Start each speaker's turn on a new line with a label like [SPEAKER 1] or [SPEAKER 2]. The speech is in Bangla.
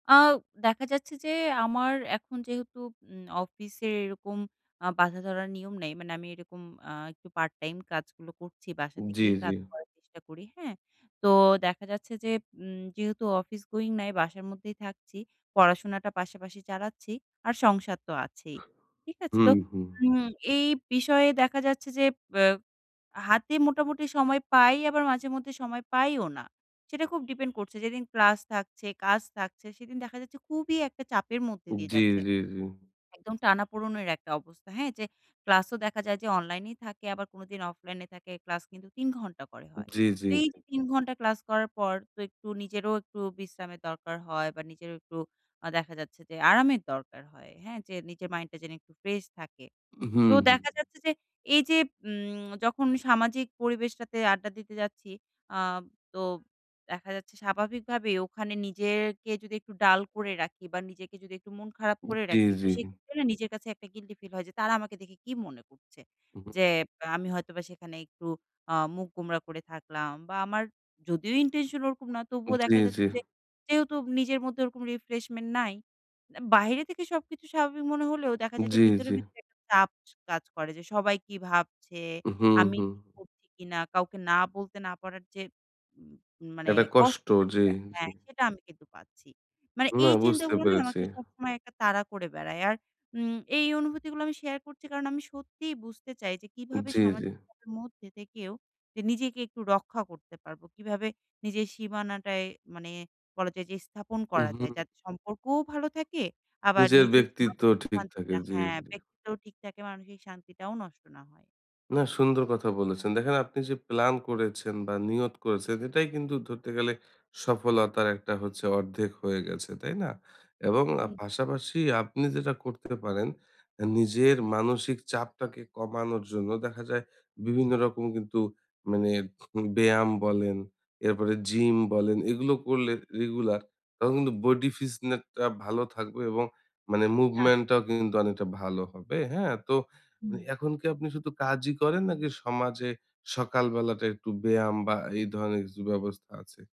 [SPEAKER 1] আ দেখা যাচ্ছে যে, আমার এখন যেহেতু উম অফিসের এরকম আ বাধাধরা নিয়ম নেই। মানে আমি এরকম আ একটু পার্টটাইম কাজগুলো করছি বাসা
[SPEAKER 2] জি,
[SPEAKER 1] থেকেই
[SPEAKER 2] জি।
[SPEAKER 1] কাজ করার চেষ্টা করি। হ্যাঁ? তো দেখা যাচ্ছে যে, উম যেহেতু অফিস গোয়িং নাই, বাসার মধ্যেই থাকছি, পড়াশোনাটা পাশাপাশি চালাচ্ছি আর সংসার তো আছেই। ঠিক আছে? তো
[SPEAKER 2] উহু।
[SPEAKER 1] উম এই বিষয়ে দেখা যাচ্ছে যে, অ্যা হাতে মোটামুটি সময় পাই আবার মাঝে মধ্যে সময় পাইও না। সেটা খুব ডিপেন্ড করছে। যে, দিন ক্লাস থাকছে, কাজ থাকছে, সেদিন দেখা যাচ্ছে খুবই একটা চাপের মধ্যে দিয়ে
[SPEAKER 2] জি,
[SPEAKER 1] যাচ্ছে।
[SPEAKER 2] জি, জি।
[SPEAKER 1] একদম টানাপোড়েনের একটা অবস্থা। হ্যাঁ, যে, ক্লাসও দেখা যায় যে, অনলাইনেই থাকে আবার কোনোদিন অফলাইনে থাকে। ক্লাস কিন্তু ৩ ঘন্টা করে হয়।
[SPEAKER 2] জি, জি।
[SPEAKER 1] তো এই যে, ৩ ঘন্টা ক্লাস করার পর তো একটু নিজেরও একটু বিশ্রামের দরকার হয় বা নিজেরও একটু আ দেখা যাচ্ছে যে, আরামের দরকার হয়। হ্যাঁ, যে, নিজের মাইন্ডটা জানি একটু ফ্রেশ থাকে।
[SPEAKER 2] উহু,
[SPEAKER 1] তো
[SPEAKER 2] হুম।
[SPEAKER 1] দেখা যাচ্ছে যে, এই যে, উম যখন সামাজিক পরিবেশটাতে আড্ডা দিতে যাচ্ছি, আ তো দেখা যাচ্ছে স্বাভাবিক ভাবেই ওখানে নিজেরকে যদি একটু ডাল করে রাখি বা নিজেকে যদি একটু মন খারাপ করে
[SPEAKER 2] জি,
[SPEAKER 1] রাখি, তো
[SPEAKER 2] জি।
[SPEAKER 1] সেক্ষেত্রে না, নিজের কাছে একটা গিল্টি ফিল হয় যে, তারা আমাকে দেখে কী মনে করছে?
[SPEAKER 2] উহু।
[SPEAKER 1] যে, আমি হয়তোবা সেখানে একটু আ মুখ গোমড়া করে থাকলাম বা আমার যদিও intention ওরকম না, তবুও
[SPEAKER 2] জি,
[SPEAKER 1] দেখা
[SPEAKER 2] জি।
[SPEAKER 1] যাচ্ছে যে, যেহেতু নিজের মধ্যে ওরকম refreshment নাই, অ্যা বাইরে থেকে সবকিছু স্বাভাবিক মনে হলেও দেখা যায় যে,
[SPEAKER 2] জি,
[SPEAKER 1] ভিতরে,
[SPEAKER 2] জি।
[SPEAKER 1] ভিতরে একটা চাপ কাজ করে যে, সবাই কী ভাবছে,
[SPEAKER 2] উহু
[SPEAKER 1] আমি
[SPEAKER 2] হুম।
[SPEAKER 1] ঠিক করছি কিনা, কাউকে না বলতে না পারার যে, উম মানে
[SPEAKER 2] একটা কষ্ট,
[SPEAKER 1] কষ্টটা,
[SPEAKER 2] জি,।
[SPEAKER 1] সেটা হ্যাঁ,
[SPEAKER 2] [unintelligible]
[SPEAKER 1] সেটা আমি কিন্তু পাচ্ছি। মানে
[SPEAKER 2] না,
[SPEAKER 1] এই
[SPEAKER 2] বুঝতে
[SPEAKER 1] চিন্তাগুলা না
[SPEAKER 2] পেরেছি।
[SPEAKER 1] আমাকে সবসময় একটা তাড়া করে বেড়ায়। আর উম এই অনুভূতিগুলা আমি শেয়ার করছি কারণ আমি সত্যিই বুঝতে চাই যে, কীভাবে
[SPEAKER 2] জি, জি।
[SPEAKER 1] সামাজিকতার মধ্যে থেকেও যে, নিজেকে একটু রক্ষা করতে পারব, কীভাবে নিজের সীমানাটায় মানে বলা যায় যে, স্থাপন করা যায়
[SPEAKER 2] উহু।
[SPEAKER 1] যাতে সম্পর্কও ভালো থাকে আবার
[SPEAKER 2] নিজের
[SPEAKER 1] নিজের যে,
[SPEAKER 2] ব্যক্তিত্বও
[SPEAKER 1] মানসিক
[SPEAKER 2] ঠিক থাকে।
[SPEAKER 1] শান্তিটা
[SPEAKER 2] জি,
[SPEAKER 1] হ্যাঁ,
[SPEAKER 2] জি।
[SPEAKER 1] ব্যক্তিত্বও ঠিক থাকে, মানসিক শান্তিটাও নষ্ট না হয়।
[SPEAKER 2] না, সুন্দর কথা বলেছেন। দেখেন আপনি যে, প্ল্যান করেছেন বা নিয়ত করেছেন, এটাই কিন্তু ধরতে গেলে সফলতার একটা হচ্ছে অর্ধেক হয়ে গেছে। তাই না? এবং আ
[SPEAKER 1] উ
[SPEAKER 2] পাশাপাশি আপনি যেটা করতে পারেন নিজের মানসিক চাপটাকে কমানোর জন্য, দেখা যায় বিভিন্ন রকম কিন্তু মানে উম ব্যায়াম বলেন, এরপরে জিম বলেন, এগুলো করলে রেগুলার তখন কিন্তু বডি ফিটনেসটা ভালো থাকবে এবং মানে
[SPEAKER 1] আ
[SPEAKER 2] মুভমেন্টটাও কিন্তু অনেকটা ভালো হবে। হ্যাঁ, তো
[SPEAKER 1] হুম।
[SPEAKER 2] এখন কি আপনি শুধু কাজই করেন নাকি সমাজে সকালবেলাটা একটু ব্যায়াম বা এই ধরনের কিছু ব্যবস্থা আছে?